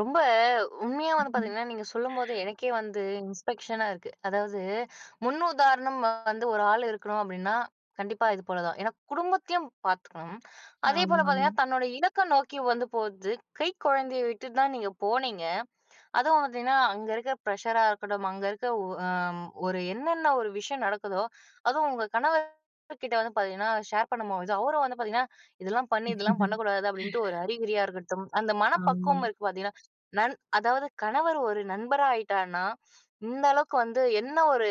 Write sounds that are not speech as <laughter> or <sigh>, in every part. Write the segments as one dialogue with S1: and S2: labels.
S1: ரொம்ப உண்மையா வந்து பார்த்தீங்கன்னா, நீங்க சொல்லும்போது எனக்கே வந்து இன்ஸ்பெக்ஷன்னா இருக்கு. அதாவது முன் உதாரணம் வந்து ஒரு ஆள் இருக்கணும் அப்படின்னா, கண்டிப்பா இது போல தான். ஏனா, குடும்பத்தையும் பார்த்துக்கணும். அதே போல
S2: ஆமாங்க.
S1: பார்த்தீங்கன்னா, தன்னுடைய இலக்க நோக்கி வந்து போறது, கை குழந்தைய விட்டுட்டு தான் நீங்க போனீங்க. அதுவும் பார்த்தீங்கன்னா, அங்க இருக்கிற ப்ரஷரா இருக்கட்டும். அங்க இருக்கிற அ ஒரு என்னன்ன ஒரு விஷயம் நடக்குதோ, அதுவும் உங்க கணவர் கிட்ட வந்து பார்த்தீங்கன்னா, ஷேர் பண்ணு போது அவரும் வந்து பார்த்தீங்கன்னா, இதெல்லாம் பண்ணு, இதெல்லாம் பண்ணக்கூடாது அப்படின்ட்டு ஒரு
S2: <chuckles>
S1: அறிகுறியா இருக்கட்டும். அந்த
S2: ஆமா.
S1: மனப்பக்குவம் இருக்கு பார்த்தீங்களா, நண் அதாவது கணவர் ஒரு நண்பரா ஆயிட்டார்னா, இந்த அளவுக்கு வந்து என்ன ஒரு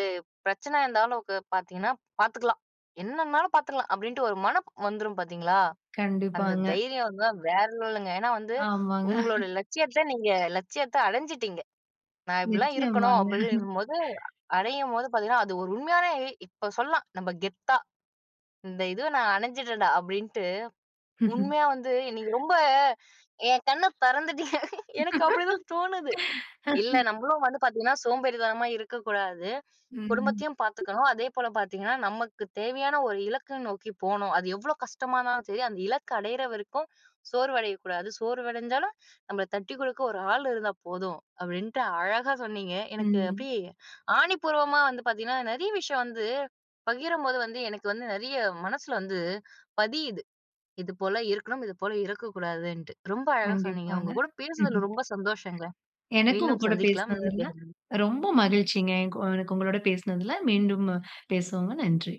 S1: பிரச்சனையா இருந்தாலும் பார்த்தீங்கன்னா பார்த்துக்கலாம், என்னன்னாலும் பார்த்துக்கலாம். அப்படின்ட்டு ஒரு மனம் வந்துரும் பார்த்தீங்களா, அந்த
S2: கண்டிப்பாங்க.
S1: தைரியம் வந்து வேற லெவல்லுங்க. ஏனா, வந்து
S2: ஆமாங்க.
S1: உங்களோட
S2: <chuckles>
S1: லட்சியத்த, நீங்க லட்சியத்த அடைஞ்சிட்டீங்க. நான் இப்படிலாம் இருக்கணும்
S2: நிச்சயமாங்க. <chuckles>
S1: அப்படிங்கும்போது, அடையும்போது பார்த்தீங்கன்னா, அது ஒரு உண்மையான, இப்ப சொல்லலாம் நம்ம கெத்தா, இந்த இது நான் அடைஞ்சுட்டேன்டா அப்படின்ட்டு, உண்மையா வந்து இன்னைக்கு
S2: <chuckles>
S1: ரொம்ப என் கண்ண தொறந்துட்டீங்க. எனக்கு அப்படிதான் தோணுது. இல்ல,
S2: <laughs>
S1: நம்மளும் வந்து பார்த்தீங்கன்னா சோம்பேறித்தனமா இருக்கக்கூடாது.
S2: ம்.
S1: குடும்பத்தயும் பார்த்துக்கணும். அதேபோல பார்த்தீங்கன்னா, நமக்கு தேவையான ஒரு இலக்க நோக்கி போணும். அது எவ்வளோ கஷ்டமா இருந்தாலும் சரி, அந்த இலக்க அடையிற வரைக்கும் சோர்வடையக்கூடாது. சோர்வடஞ்சாலும் நம்மள தட்டிக் குடுக்க ஒரு ஆள் இருந்தா போதும். அப்படின்ட்டு அழகா சொன்னீங்க. எனக்கு
S2: ம்.
S1: அப்படியே ஆணிபூர்வமா வந்து பார்த்தீங்கன்னா, நெறைய விஷயம் வந்து பகிரும்போது, வந்து எனக்கு வந்து நெறைய மனசில வந்து, பதியுது, இது போல இருக்கணும். இது போல இருக்கக்கூடாதுன்ட்டு. ரொம்ப அழகா சொன்னீங்க.
S2: கண்டிப்பாங்க.
S1: உங்க கூட பேசுனதில ரொம்ப சந்தோஷங்க,
S2: <chuckles> எனக்கும் உங்க
S1: மீண்டும்
S2: கூட
S1: சந்திக்கலாம், மீண்டும்
S2: பேசுனதுல,
S1: பேசலாங்க.
S2: ரொம்ப மகிழ்ச்சிங்க. எனக் எனக்கு உங்களோட பேசுனதில. மீண்டும் பேசுவோங்க, நன்றி.